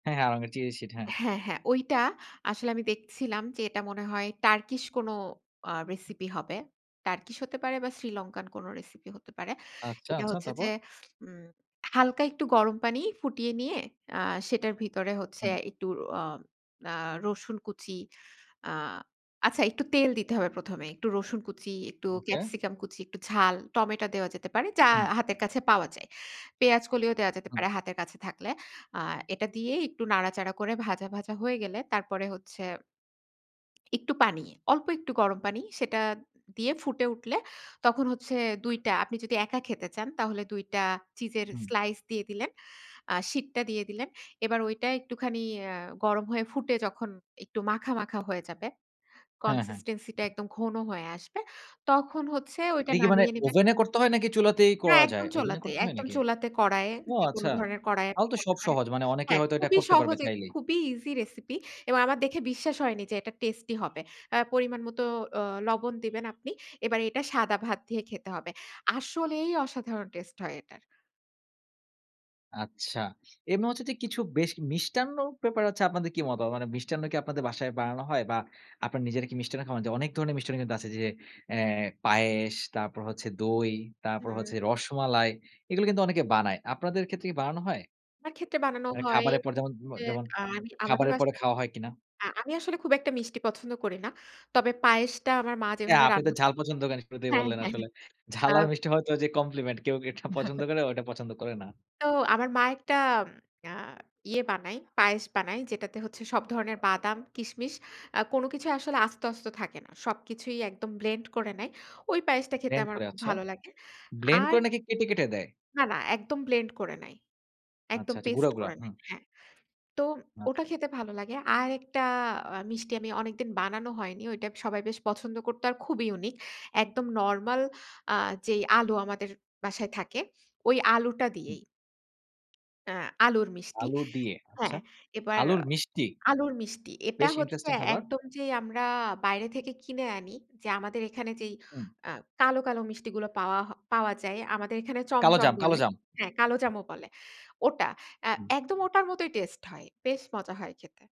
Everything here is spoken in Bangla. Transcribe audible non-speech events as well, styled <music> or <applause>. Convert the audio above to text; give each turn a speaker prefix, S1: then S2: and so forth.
S1: হ্যাঁ, হ্যাঁ আড়ং এর চিয়েশিট হ্যাঁ।
S2: হ্যাঁ, হ্যাঁ ঐটা আসলে আমি দেখছিলাম, যে এটা মনে হয় টার্কিশ কোন আ রেসিপি হবে। টার্কিশ হতে পারে বা শ্রীলঙ্কান কোন রেসিপি হতে পারে।
S1: আচ্ছা,
S2: এটা
S1: আচ্ছা
S2: হচ্ছে
S1: তারপর?
S2: যে উম হালকা একটু গরম পানি ফুটিয়ে নিয়ে আ সেটার ভিতরে হচ্ছে
S1: হুম।
S2: একটু আ আ রসুন কুচি, আ আচ্ছা একটু তেল দিতে হবে প্রথমে। একটু রসুন কুচি, একটু
S1: ওকে।
S2: ক্যাপসিকাম কুচি, একটু ঝাল টমেটো দেয়া যেতে পারে যা
S1: হুম।
S2: হাতের কাছে পাওয়া যায়। পেঁয়াজ কলিও দেওয়া যেতে
S1: হুম।
S2: পারে হাতের কাছে থাকলে। আ এটা দিয়ে একটু নাড়াচাড়া করে ভাজা ভাজা হয়ে গেলে তারপরে হচ্ছে <smacks lips> একটু পানি। অল্প একটু গরম পানি, সেটা দিয়ে ফুটে উঠলে তখন হচ্ছে ২ টা, আপনি যদি একা খেতে চান, তাহলে ২ টা চিজের
S1: হুম।
S2: স্লাইস দিয়ে দিলেন। আ শিটটা দিয়ে দিলেন। এবার ওইটা একটুখানি আ গরম হয়ে ফুটে যখন একটু মাখা, মাখা হয়ে যাবে।
S1: হ্যাঁ, হ্যাঁ।
S2: কনসিস্টেন্সি -টা একদম ঘন হয়ে আসবে। তখন হচ্ছে ওইটা
S1: এটা কি মানে
S2: নামিয়ে নিবেন
S1: ওভেনে করতে হয় নাকি চুলাতেই
S2: না
S1: করা যায়?
S2: একদম
S1: ওভেনে
S2: চুলাতে,
S1: করতে হয়
S2: একদম
S1: নাকি?
S2: চুলাতে কড়াইয়ে
S1: ও!
S2: যেকোন
S1: আচ্ছা।
S2: ধরনের কড়াইয়ে
S1: তাও
S2: আপনি
S1: তো
S2: করতে
S1: সব
S2: পারেন
S1: সহজ মানে অনেকে
S2: হ্যাঁ,
S1: হয়তো এটা
S2: খুবই
S1: করতে পারবে
S2: সহজে
S1: চাইলেই।
S2: খুবই ইজি রেসিপি এবং আমার দেখে বিশ্বাস হয়নি যে এটা টেস্টি হবে। আ পরিমাণ মত অ লবণ দিবেন আপনি। এবার এটা সাদা ভাত দিয়ে খেতে হবে। আসলেই অসাধারণ টেস্ট হয় এটার।
S1: আচ্ছা। এমনি হচ্ছে যে কিছু বেশ মিষ্টান্ন ব্যাপারে হছে আপনাদের কি মতামত? মানে মিষ্টান্ন কি আপনাদের বাসায় বানানো হয়? বা আপনার নিজেরা কি মিষ্টান্ন খান? যে অনেক ধরনের মিষ্টান্ন কিন্তু আছে যে অ্যাঁ পায়েস, তারপর হচ্ছে দই, তারপর
S2: হুম।
S1: হচ্ছে রসমালাই এগুলো কিন্তু অনেকে বানায়। আপনাদের ক্ষেত্রে কি বানানো হয়?
S2: আমার ক্ষেত্রে বানানো
S1: মানে
S2: হয়।
S1: খাবারের পর যেমন ম
S2: যে
S1: যেমন
S2: আমি আমাদের
S1: খাবারের পরে
S2: বাসায়
S1: খাওয়া হয় কিনা?
S2: আ আমি আসলে খুব একটা মিষ্টি পছন্দ করি না। তবে পায়েসটা আমার মা
S1: হ্যাঁ,
S2: যেভাবে
S1: আপনি তো
S2: রান্না
S1: ঝাল পছন্দ করেন শুরুতেই
S2: হ্যাঁ,
S1: বললেন
S2: হ্যাঁ।
S1: আসলে। ঝাল আর
S2: আপ
S1: মিষ্টি হয়তো যে কমপ্লিমেন্ট, কেউ এটা পছন্দ
S2: <chuckles>
S1: করে ওটা পছন্দ করে না।
S2: তো আমার মা একটা উম আ ইয়ে বানায় পায়েস বানায়, যেটাতে হচ্ছে সব ধরনের বাদাম, কিসমিস আ কোন কিছুই আসলে আস্ত, আস্ত থাকে না। সবকিছুই একদম ব্লেন্ড করে নেয়। ঐ পায়েসটা খেতে
S1: ব্লেন্ড
S2: আমার
S1: করে,
S2: খুব
S1: আচ্ছা।
S2: ভালো লাগে।
S1: ব্লেন্ড
S2: আর
S1: করে নাকি কেটে, কেটে দেয়?
S2: না, না একদম ব্লেন্ড করে নেয়।
S1: আচ্ছা,
S2: একদম
S1: আচ্ছা গুড়া,
S2: পেস্ট
S1: গুড়া
S2: করে
S1: হুম।
S2: নেয়। হ্যাঁ। তো ওটা
S1: আচ্ছা।
S2: খেতে ভালো লাগে। আরেকটা আ মিষ্টি আমি অনেকদিন বানানো হয়নি। ঐটা সবাই বেশ পছন্দ করতো, আর খুবই ইউনিক। একদম নরমাল আ যে আলু আমাদের বাসায় থাকে ওই আলুটা
S1: হুম।
S2: দিয়েই আ আলুর মিষ্টি
S1: আলু দিয়ে, আচ্ছা,
S2: হ্যাঁ, এবার
S1: আলুর মিষ্টি?
S2: আলুর মিষ্টি। এটা
S1: বেশ
S2: হচ্ছে
S1: ইন্টারেস্টিং খাবার।
S2: একদম যেই আমরা বাইরে থেকে কিনে আনি, যে আমাদের এখানে যেই
S1: হুম।
S2: আ কালো, কালো মিষ্টিগুলা পাওয়া হ পাওয়া যায়, আমাদের এখানে চমচম
S1: কালোজাম,
S2: বলে
S1: কালোজাম।
S2: হ্যাঁ, কালোজামও বলে। ওটা আ
S1: হুম।
S2: একদম ওটার মতই টেস্ট হয়। বেশ মজা হয় খেতে।